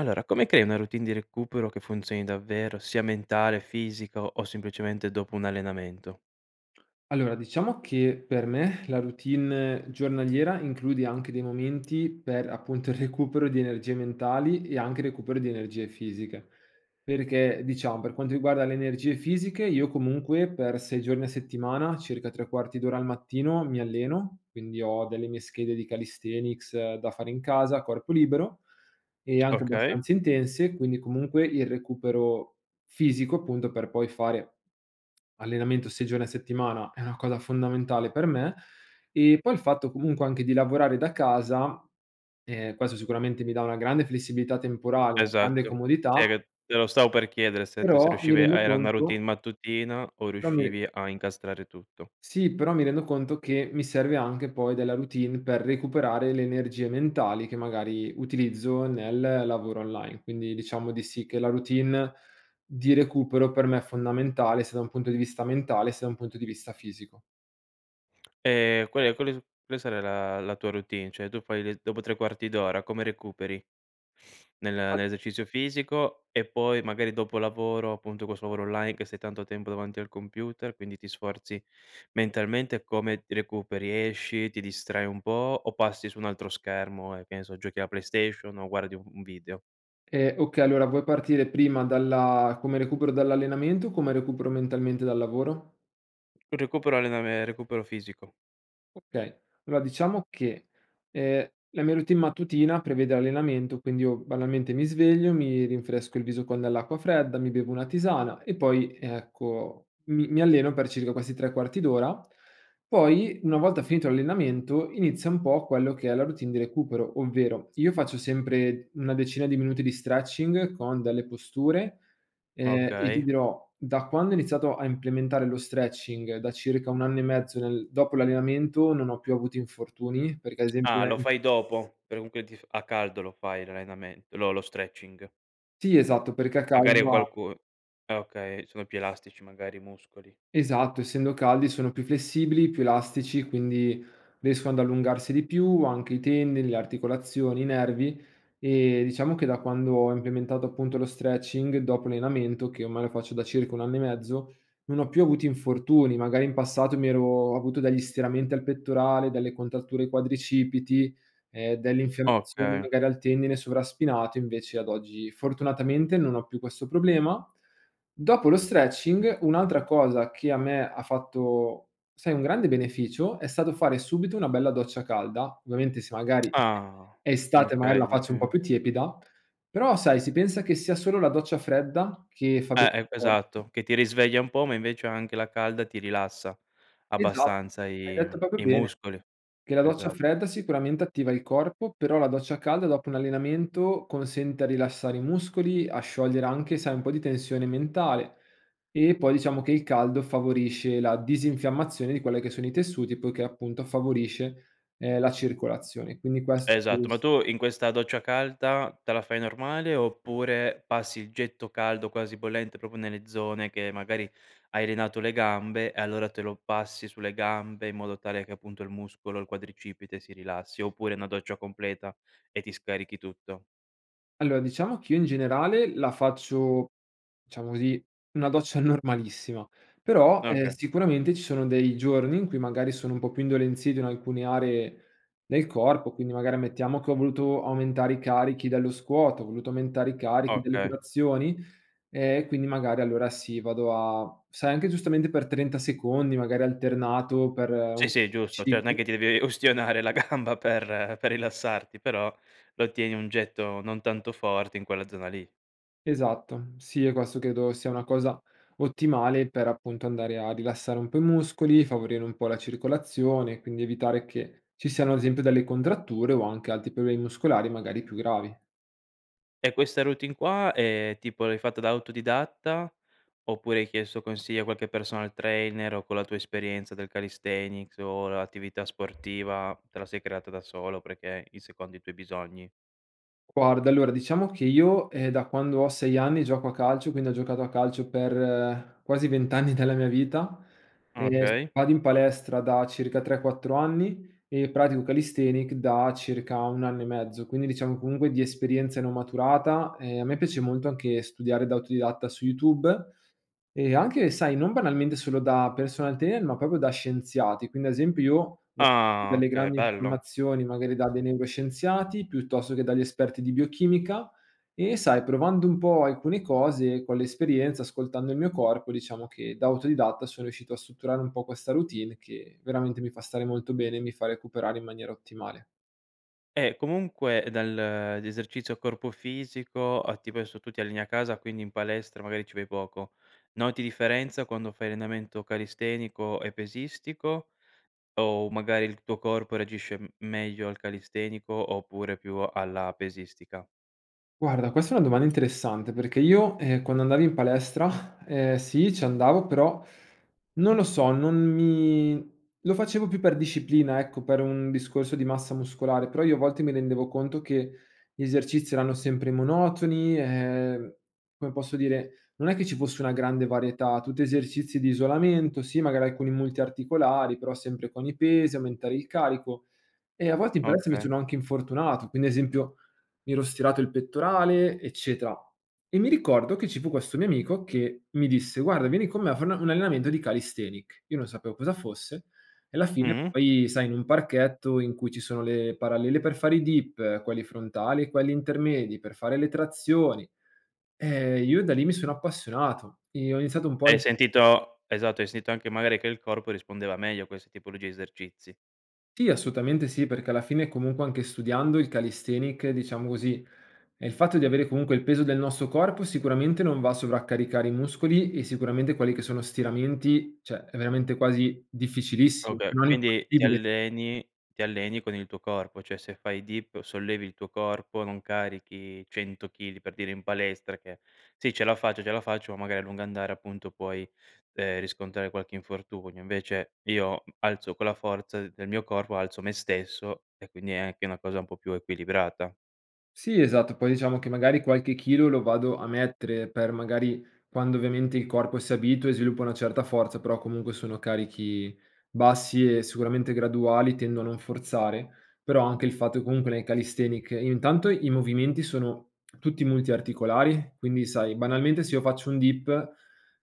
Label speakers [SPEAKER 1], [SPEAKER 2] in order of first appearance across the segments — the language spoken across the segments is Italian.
[SPEAKER 1] Allora, come crei una routine di recupero che funzioni davvero, sia mentale, fisica o semplicemente dopo un allenamento?
[SPEAKER 2] Allora diciamo che, per me la routine giornaliera include anche dei momenti per appunto il recupero di energie mentali e anche il recupero di energie fisiche perché diciamo, per quanto riguarda le energie fisiche io comunque per 6 giorni a settimana, circa 3/4 d'ora al mattino mi alleno, quindi ho delle mie schede di calisthenics da fare in casa, a corpo libero ehm, anche
[SPEAKER 1] Okay.
[SPEAKER 2] abbastanza intense quindi comunque, il recupero fisico appunto, per poi fare allenamento 6 giorni a settimana è una cosa fondamentale per me e poi il fatto comunque anche di lavorare da casa, ehm, questo sicuramente mi dà una grande flessibilità temporale, una grande
[SPEAKER 1] Esatto.
[SPEAKER 2] comodità
[SPEAKER 1] Te che te lo stavo per chiedere se tu se
[SPEAKER 2] però, mi
[SPEAKER 1] riuscivi a
[SPEAKER 2] rendo
[SPEAKER 1] avere una routine
[SPEAKER 2] conto
[SPEAKER 1] mattutina o
[SPEAKER 2] però mi re
[SPEAKER 1] riuscivi a incastrare tutto?
[SPEAKER 2] Sì, però mi rendo conto che mi serve anche poi della routine per recuperare le energie mentali che magari utilizzo nel lavoro online. Quindi diciamo di sì, che la routine di recupero per me è fondamentale sia da un punto di vista mentale, sia da un punto di vista fisico.
[SPEAKER 1] Ehm, qual è qual è s quale sare la la tua routine? Cioè tu fai le dopo 3/4 d'ora come recuperi, nel
[SPEAKER 2] Al
[SPEAKER 1] nell'esercizio fisico, e poi magari dopo lavoro, appunto con 'sto lavoro online, che sei tanto tempo davanti al computer, quindi ti sforzi mentalmente come ti recuperi, esci, ti distrai un po', o passi su un altro schermo, e penso, giochi alla Playstation o guardi un video?
[SPEAKER 2] Ehm, okay allora vuoi partire prima dalla come recupero dall'allenamento, o come recupero mentalmente dal lavoro?
[SPEAKER 1] Recupero allename recupero fisico.
[SPEAKER 2] Okay. Allora diciamo che, ehm, la mia routine mattutina prevede l'allenamento, quindi io banalmente mi sveglio, mi rinfresco il viso con dell'acqua fredda, mi bevo una tisana, e poi ecco mi mi alleno per circa questi 3/4 d'ora; poi una volta finito l'allenamento, inizia un po' quello che è la routine di recupero, ovvero: io faccio sempre una decina di minuti di stretching con delle posture, ehm, e ti
[SPEAKER 1] Okay.
[SPEAKER 2] dirò, da quando ho iniziato a implementare lo stretching, da circa 1 anno e mezzo nel dopo l'allenamento, non ho più avuto infortuni, perché ad esempio
[SPEAKER 1] Ah lo
[SPEAKER 2] nel
[SPEAKER 1] fai dopo. Perché comunque ti f a caldo lo fai l'allenamen lo lo stretching.
[SPEAKER 2] Sì, esatto perché a
[SPEAKER 1] Magari a
[SPEAKER 2] caldo a
[SPEAKER 1] qualcu Ah okay sono più elastici magari i muscoli.
[SPEAKER 2] Esatto, essendo caldi sono più flessibili, più elastici, quindi riescono ad allungarsi di più, anche i tendini, le articolazioni, i nervi. Ehm, diciamo che, da quando ho implementato appunto lo stretching dopo l'allenamento, che ormai lo faccio da circa 1 anno e mezzo, non ho più avuto infortuni. Magari in passato mi ero ho avuto degli stiramenti al pettorale, delle contratture quadricipiti, ehm, delle infiammazioni
[SPEAKER 1] Okay.
[SPEAKER 2] magari al tendine sovraspinato invece ad oggi, fortunatamente non ho più questo problema. Dopo lo stretching, un'altra cosa che a me ha fatto, sai, un grande beneficio, è stato fare subito una bella doccia calda, ovviamente se magari
[SPEAKER 1] Ah,
[SPEAKER 2] è estate, magari
[SPEAKER 1] okay,
[SPEAKER 2] la
[SPEAKER 1] dici
[SPEAKER 2] faccio un po' più tiepida, però sai si pensa che sia solo la doccia fredda, che fa bene al
[SPEAKER 1] Eh,
[SPEAKER 2] corpo
[SPEAKER 1] esatto, che ti risveglia un po', ma invece anche la calda ti rilassa
[SPEAKER 2] Esa
[SPEAKER 1] abbastanza
[SPEAKER 2] hai detto
[SPEAKER 1] i
[SPEAKER 2] proprio
[SPEAKER 1] i
[SPEAKER 2] bene,
[SPEAKER 1] muscoli
[SPEAKER 2] che la doccia
[SPEAKER 1] esa
[SPEAKER 2] fredda sicuramente attiva il corpo, però la doccia calda dopo un allenamento consente a rilassare i muscoli a sciogliere anche, sai, un po' di tensione mentale, e poi diciamo che il caldo favorisce la disinfiammazione di quelle che sono i tessuti, poiché appunto favorisce, ehm, la circolazione quindi questo credo
[SPEAKER 1] Esatto, ma
[SPEAKER 2] sia
[SPEAKER 1] tu in questa doccia calda, te la fai normale, oppure passi il getto caldo, quasi bollente proprio, nelle zone, che magari hai allenato le gambe e allora te lo passi sulle gambe, in modo tale che appunto il muscolo, il quadricipite rilassi, oppure una doccia completa e ti scarichi tutto?
[SPEAKER 2] Allora, diciamo che io in generale, la faccio, diciamo così, una doccia normalissima, però, ehm,
[SPEAKER 1] Okay.
[SPEAKER 2] sicuramente ci sono dei giorni in cui magari sono un po' più indolenzito in alcune aree del corpo, quindi magari ammettiamo che ho voluto aumentare i carichi dello squat, ho voluto aumentare i carichi delle
[SPEAKER 1] Okay.
[SPEAKER 2] trazioni, ehm, e quindi magari allora sì vado a sai anche giustamente per 30 secondi magari alternato per
[SPEAKER 1] Sì,
[SPEAKER 2] un
[SPEAKER 1] sì giusto, cioè non è
[SPEAKER 2] tricipi
[SPEAKER 1] che ti devi ustionare la gamba per per rilassarti, però lo tieni, un getto non tanto forte in quella zona lì.
[SPEAKER 2] Esatto. Sì, e questo credo sia una cosa ottimale, per appunto andare a rilassare un po' i muscoli, favorire un po' la circolazione, quindi evitare che ci siano ad esempio delle contratture, o anche altri problemi muscolari magari più gravi.
[SPEAKER 1] E questa routine qua è tipo l'hai fatta da autodidatta oppure hai chiesto consiglio a qualche personal trainer, o con la tua esperienza del calisthenics o dell'attività sportiva te la sei creata da solo, perché i secondo i tuoi bisogni?
[SPEAKER 2] Guarda, allora, diciamo che io è da quando ho 6 anni gioco a calcio, quindi ho giocato a calcio per quasi 20 anni della mia vita e
[SPEAKER 1] Okay.
[SPEAKER 2] vado in palestra da circa 3, 4 anni e pratico calisthenics da circa 1 anno e mezzo. Quindi, diciamo, comunque di esperienza ne ho maturata e a me piace molto anche studiare da autodidatta su YouTube e anche, sai, non banalmente solo da personal trainer, ma proprio da scienziati. Quindi, ad esempio, io ho
[SPEAKER 1] Ah,
[SPEAKER 2] delle
[SPEAKER 1] okay,
[SPEAKER 2] grandi
[SPEAKER 1] bello.
[SPEAKER 2] informazioni magari da dei neuroscienziati piuttosto che dagli esperti di biochimica e, sai, provando un po' alcune cose con l'esperienza, ascoltando il mio corpo, diciamo che da autodidatta sono riuscito a strutturare un po' questa routine che veramente mi fa stare molto bene e mi fa recuperare in maniera ottimale.
[SPEAKER 1] E comunque dal di esercizio corpo fisico, a tipo adesso tu ti alleni a casa, quindi in palestra magari ci vai poco. Noti differenza quando fai allenamento calistenico e pesistico, o magari il tuo corpo reagisce m meglio al calistenico oppure più alla pesistica?
[SPEAKER 2] Guarda, questa è una domanda interessante perché io, ehm, quando andavo in palestra, ehm, sì, ci andavo, però non lo so, non mi lo facevo più per disciplina, ecco, per un discorso di massa muscolare. Però io a volte mi rendevo conto che gli esercizi erano sempre monotoni, ehm, come posso dire, non è che ci fosse una grande varietà. Tutti esercizi di isolamento, sì, magari alcuni multiarticolari, però sempre con i pesi, aumentare il carico, e a volte in palestra mi
[SPEAKER 1] Okay.
[SPEAKER 2] sono anche infortunato, quindi ad esempio mi ero stirato il pettorale, eccetera. E mi ricordo che ci fu questo mio amico che mi disse: “Guarda, vieni con me a fare un un allenamento di calisthenics." Io non sapevo cosa fosse e alla fine
[SPEAKER 1] Mh-mh.
[SPEAKER 2] poi, sai, in un parchetto in cui ci sono le parallele per fare i dip, quelli frontali e quelli intermedi per fare le trazioni, e io da lì mi sono appassionato e ho iniziato un po'
[SPEAKER 1] Hai
[SPEAKER 2] [unintelligible]
[SPEAKER 1] sentito esatto, hai sentito anche magari che il corpo rispondeva meglio a queste tipologie di esercizi.
[SPEAKER 2] Sì, assolutamente sì, perché alla fine comunque anche studiando il calisthenics, diciamo così, è il fatto di avere comunque il peso del nostro corpo sicuramente non va a sovraccaricare i muscoli e sicuramente quelli che sono stiramenti, cioè, è veramente quasi difficilissimo, se
[SPEAKER 1] Okay,
[SPEAKER 2] non
[SPEAKER 1] quindi ti
[SPEAKER 2] infattibile.
[SPEAKER 1] alleni ti alleni con il tuo corpo. Cioè, se fai dip, sollevi il tuo corpo, non carichi 100 chili, per dire, in palestra, che: “Sì, ce la faccio, ce la faccio.” Ma magari a lungo andare appunto puoi, ehm, riscontrare qualche infortunio. Invece, io alzo quella forza del mio corpo, alzo me stesso e quindi è anche una cosa un po' più equilibrata.
[SPEAKER 2] Sì, esatto. Poi, diciamo che magari qualche chilo lo vado a mettere per, magari, quando ovviamente il corpo si abitua e sviluppa una certa forza, però comunque sono carichi bassi e sicuramente graduali. Tendo a non forzare, però anche il fatto comunque nei calisthenics intanto i movimenti sono tutti multiarticolari, quindi, sai, banalmente, se io faccio un dip,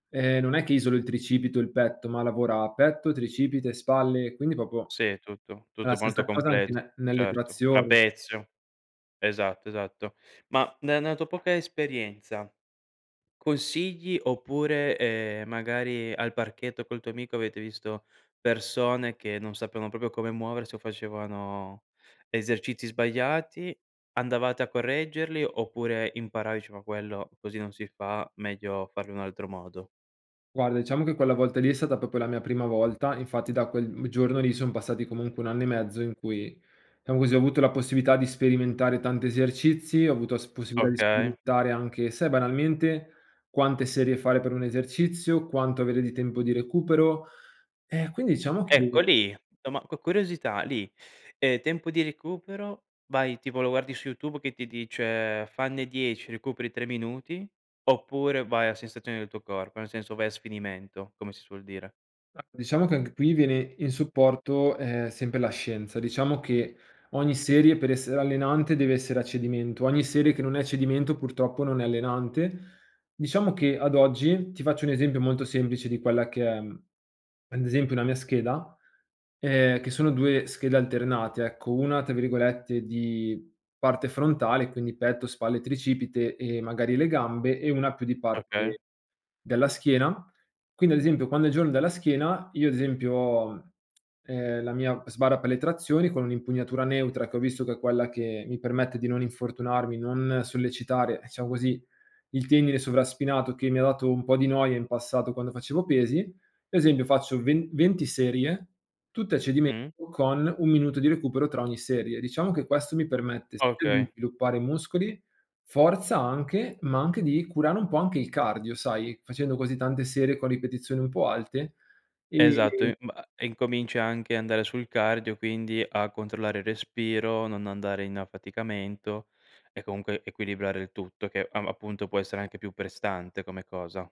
[SPEAKER 2] ehm, non è che isolo il tricipite o il petto, ma lavora petto, tricipite, spalle, e quindi proprio
[SPEAKER 1] Sì, tutto,
[SPEAKER 2] è la
[SPEAKER 1] tutto molto
[SPEAKER 2] stessa cosa anche
[SPEAKER 1] completo.
[SPEAKER 2] in nelle
[SPEAKER 1] Certo.
[SPEAKER 2] trazioni.
[SPEAKER 1] Trapezio. Esatto, esatto. Ma nella nella tua poca esperienza, consigli oppure, ehm, magari al parchetto col tuo amico avete visto persone che non sappiano proprio come muoversi o facevano esercizi sbagliati, andavate a correggerli oppure imparavi, diciamo: “Quello così non si fa, meglio farlo in un altro modo”?
[SPEAKER 2] Guarda, diciamo che quella volta lì è stata proprio la mia prima volta, infatti da quel m giorno lì son passati comunque 1 anno e mezzo in cui, diciamo così, ho avuto la possibilità di sperimentare tanti esercizi, ho avuto la s possibilità di
[SPEAKER 1] Okay.
[SPEAKER 2] sperimentare anche, sai, banalmente, quante serie fare per un esercizio, quanto avere di tempo di recupero e quindi diciamo che
[SPEAKER 1] Ecco lì. Insomma, cu curiosità lì. Ehm, tempo di recupero vai tipo lo guardi su YouTube che ti dice: “Fanne 10, recuperi 3 minuti,” oppure vai a sensazioni del tuo corpo? Nel senso, vai a sfinimento, come si suol dire.
[SPEAKER 2] Ma diciamo che anche qui viene in supporto, ehm, sempre la scienza. Diciamo che ogni serie per essere allenante deve essere a cedimento. Ogni serie che non è a cedimento purtroppo non è allenante. Diciamo che ad oggi ti faccio un esempio molto semplice di quella che è ad esempio una mia scheda, ehm, che sono 2 schede alternate, ecco, una, tra virgolette, “di parte frontale”, quindi petto, spalle, tricipite e magari le gambe, e una più di
[SPEAKER 1] Okay.
[SPEAKER 2] parte della schiena. Quindi, ad esempio, quando è il giorno della schiena io ad esempio ho, ehm, la mia sbarra per le trazioni con un'impugnatura neutra, che ho visto che è quella che mi permette di non infortunarmi, non sollecitare, diciamo così, il tendine sovraspinato, che mi ha dato un po' di noia in passato quando facevo pesi. Esempio, faccio ven venti serie tutte a cedimento,
[SPEAKER 1] Mh.
[SPEAKER 2] con 1 minuto di recupero tra ogni serie. Diciamo che questo mi permette sia di
[SPEAKER 1] Okay.
[SPEAKER 2] sviluppare muscoli, forza anche, ma anche di curare un po' anche il cardio, sai, facendo così tante serie con ripetizioni un po' alte,
[SPEAKER 1] Esatto,
[SPEAKER 2] e
[SPEAKER 1] ehm, ma e incominci anche andare sul cardio, quindi a controllare il respiro, non andare in affaticamento e comunque equilibrare il tutto, che am appunto può essere anche più prestante come cosa,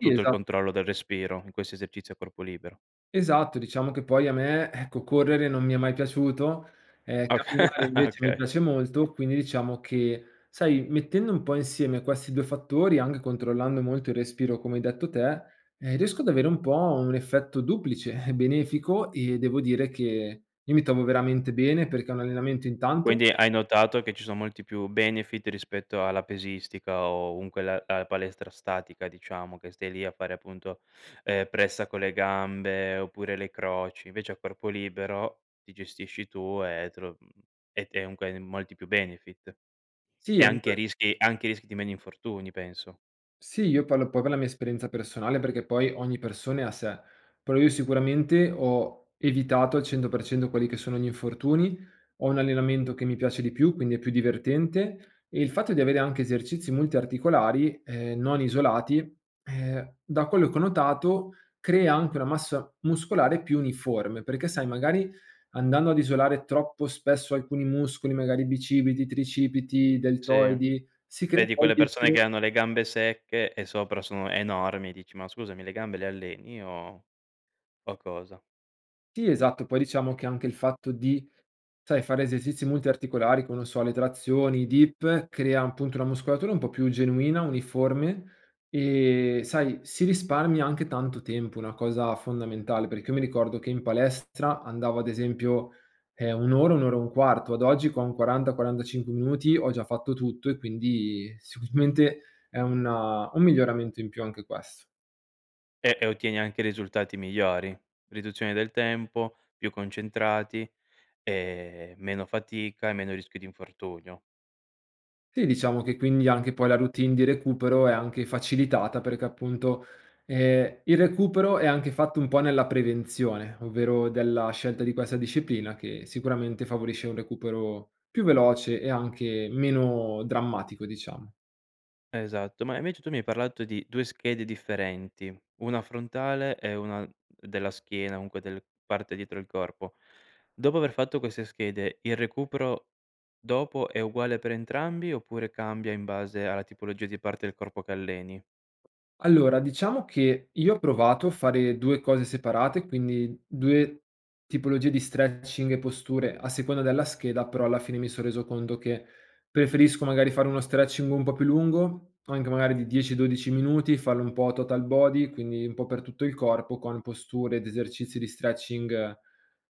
[SPEAKER 2] Sì,
[SPEAKER 1] il
[SPEAKER 2] esa
[SPEAKER 1] controllo del respiro in questo esercizio a corpo libero.
[SPEAKER 2] Esatto, diciamo che poi a me, ecco, correre non mi è mai piaciuto, ehm,
[SPEAKER 1] Oka
[SPEAKER 2] camminare invece mi
[SPEAKER 1] okay.
[SPEAKER 2] piace molto, quindi diciamo che, sai, mettendo un po' insieme questi 2 fattori, anche controllando molto il respiro, come hai detto te, ehm, riesco ad avere un po' un effetto duplice, benefico e devo dire che io mi trovo veramente bene perché è un allenamento intanto
[SPEAKER 1] Quindi hai notato che ci sono molti più benefit rispetto alla pesistica o comunque la alla palestra statica, diciamo, che stai lì a fare appunto, ehm, pressa con le gambe oppure le croci. Invece a corpo libero ti gestisci tu e te lo mhmm, e te comunque hai molti più benefit
[SPEAKER 2] Sì
[SPEAKER 1] e
[SPEAKER 2] è, mhmm,
[SPEAKER 1] anche
[SPEAKER 2] b
[SPEAKER 1] rischi e anche rischi di meno infortuni, penso.
[SPEAKER 2] Sì, io parlo poi per la mia esperienza personale, perché poi ogni persona è a sé, però io sicuramente ho evitato al 100% quelli che sono gli infortuni, ho un allenamento che mi piace di più, quindi è più divertente, e il fatto di avere anche esercizi multiarticolari, ehm, non isolati, ehm, da quello che ho notato crea anche una massa muscolare più uniforme, perché sai, magari andando ad isolare troppo spesso alcuni muscoli, magari bicipiti, tricipiti, i
[SPEAKER 1] Sì.
[SPEAKER 2] deltoidi, si crea
[SPEAKER 1] Vedi
[SPEAKER 2] poi
[SPEAKER 1] quelle
[SPEAKER 2] di
[SPEAKER 1] persone che
[SPEAKER 2] essere
[SPEAKER 1] hanno le gambe secche e sopra sono enormi, e dici: "Ma scusami le gambe le alleni o o cosa."
[SPEAKER 2] Sì, esatto. Poi diciamo che anche il fatto di, sai, fare esercizi multiarticolari con, lo so, le trazioni, i dip, crea appunto una muscolatura un po' più genuina, uniforme, e sai, si risparmia anche tanto tempo, una cosa fondamentale, perché io mi ricordo che in palestra andavo ad esempio, ehm, 1 ora, 1 ora e un quarto. A oggi con 40, 45 minuti ho già fatto tutto e quindi sicuramente è un un miglioramento in più anche questo.
[SPEAKER 1] E e ottieni anche risultati migliori: riduzione del tempo, più concentrati, ehm, meno fatica e meno rischio di infortunio.
[SPEAKER 2] Sì, diciamo che quindi anche poi la routine di recupero è anche facilitata, perché appunto, ehm, il recupero è anche fatto un po' nella prevenzione, ovvero della scelta di questa disciplina che sicuramente favorisce un recupero più veloce e anche meno drammatico, diciamo.
[SPEAKER 1] Esatto, ma invece tu mi hai parlato di 2 schede differenti: una frontale e una d della schiena, comunque del parte dietro del corpo. Dopo aver fatto queste schede, il recupero dopo è uguale per entrambi oppure cambia in base alla tipologia di parte del corpo che alleni?
[SPEAKER 2] Allora, diciamo che io ho provato a fare 2 cose separate, quindi 2 tipologie di stretching e posture a seconda della scheda, però alla fine mi son reso conto che preferisco magari fare uno stretching un po' più lungo, o anche magari di 10, 12 minuti, farlo un po' total body, quindi un po' per tutto il corpo, con posture ed esercizi di stretching,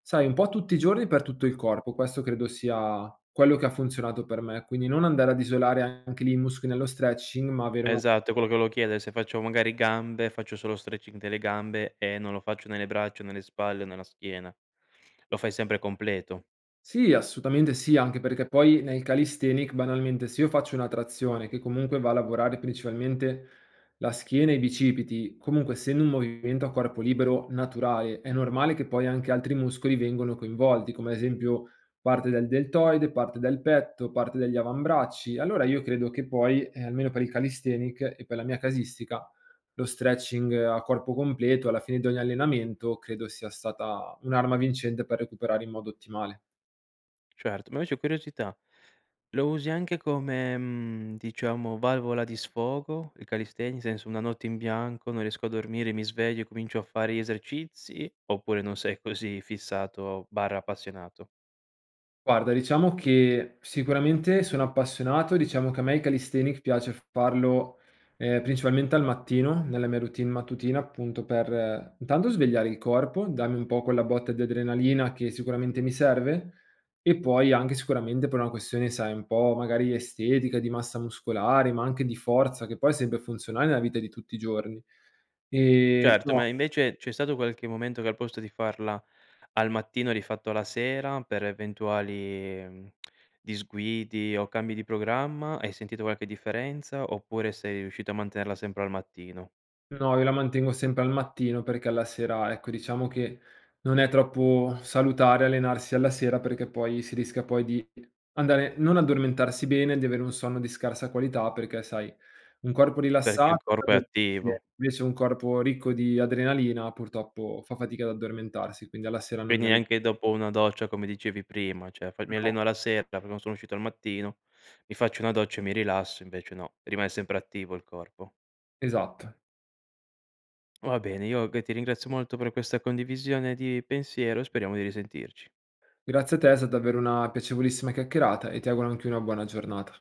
[SPEAKER 2] sai, un po' tutti i giorni per tutto il corpo. Questo credo sia quello che ha funzionato per me, quindi non andare ad isolare anche lì i muscoli nello stretching, ma avere una
[SPEAKER 1] Esatto è quello che volevo chiedere, se faccio magari gambe faccio solo stretching delle gambe e non lo faccio nelle braccia o nelle spalle o nella schiena. Lo fai sempre completo.
[SPEAKER 2] Sì, assolutamente sì, anche perché poi nel calisthenics banalmente, se io faccio una trazione, che comunque va a lavorare principalmente la schiena e i bicipiti, comunque essendo un movimento a corpo libero naturale, è normale che poi anche altri muscoli vengono coinvolti, come ad esempio parte del deltoide, parte del petto, parte degli avambracci. Allora io credo che poi, ehm, almeno per il calisthenics e per la mia casistica, lo stretching a corpo completo alla fine di ogni allenamento credo sia stata un'arma vincente per recuperare in modo ottimale.
[SPEAKER 1] Certo, ma invece, curiosità, lo usi anche come, mhmm, diciamo, valvola di sfogo il calisthenics? Senso una notte in bianco non riesco a dormire, mi sveglio, e comincio a fare gli esercizi oppure non sei così fissato/appassionato?
[SPEAKER 2] Guarda, diciamo che sicuramente sono appassionato, diciamo che a me il calisthenics piace f farlo, ehm, principalmente al mattino, nella mia routine mattutina, appunto per intanto svegliare il corpo, darmi un po' quella botta di adrenalina che sicuramente mi serve, e poi anche sicuramente per una questione, sai, un po' magari estetica, di massa muscolare, ma anche di forza, che poi è sempre funzionale nella vita di tutti i giorni, ehm,
[SPEAKER 1] Certo,
[SPEAKER 2] no
[SPEAKER 1] ma invece c'è stato qualche momento che al posto di farla al mattino l'hai fatto la sera per eventuali disguidi o cambi di programma? Hai sentito qualche differenza oppure sei riuscito a mantenerla sempre al mattino?
[SPEAKER 2] No, io la mantengo sempre al mattino, perché alla sera, ecco, diciamo che non è troppo salutare allenarsi alla sera, perché poi si rischia poi di andare non addormentarsi bene, di avere un sonno di scarsa qualità, perché sai, un corpo
[SPEAKER 1] Perché
[SPEAKER 2] rilassato
[SPEAKER 1] il
[SPEAKER 2] ti fa
[SPEAKER 1] corpo è
[SPEAKER 2] dormire bene,
[SPEAKER 1] attivo.
[SPEAKER 2] invece un corpo ricco di adrenalina purtroppo fa fatica ad addormentarsi, quindi alla sera non
[SPEAKER 1] Quindi
[SPEAKER 2] mi all
[SPEAKER 1] neanche dopo una doccia, come dicevi prima, cioè, fai: "Mi
[SPEAKER 2] No.
[SPEAKER 1] alleno alla sera perché non sono uscito al mattino, mi faccio una doccia e mi rilasso." Invece no, rimane sempre attivo il corpo.
[SPEAKER 2] Esatto.
[SPEAKER 1] Va bene, g io ti ringrazio molto per questa condivisione di pensiero e speriamo di risentirci.
[SPEAKER 2] Grazie a te, è stata davvero una piacevolissima chiacchierata e ti auguro anch'io una buona giornata.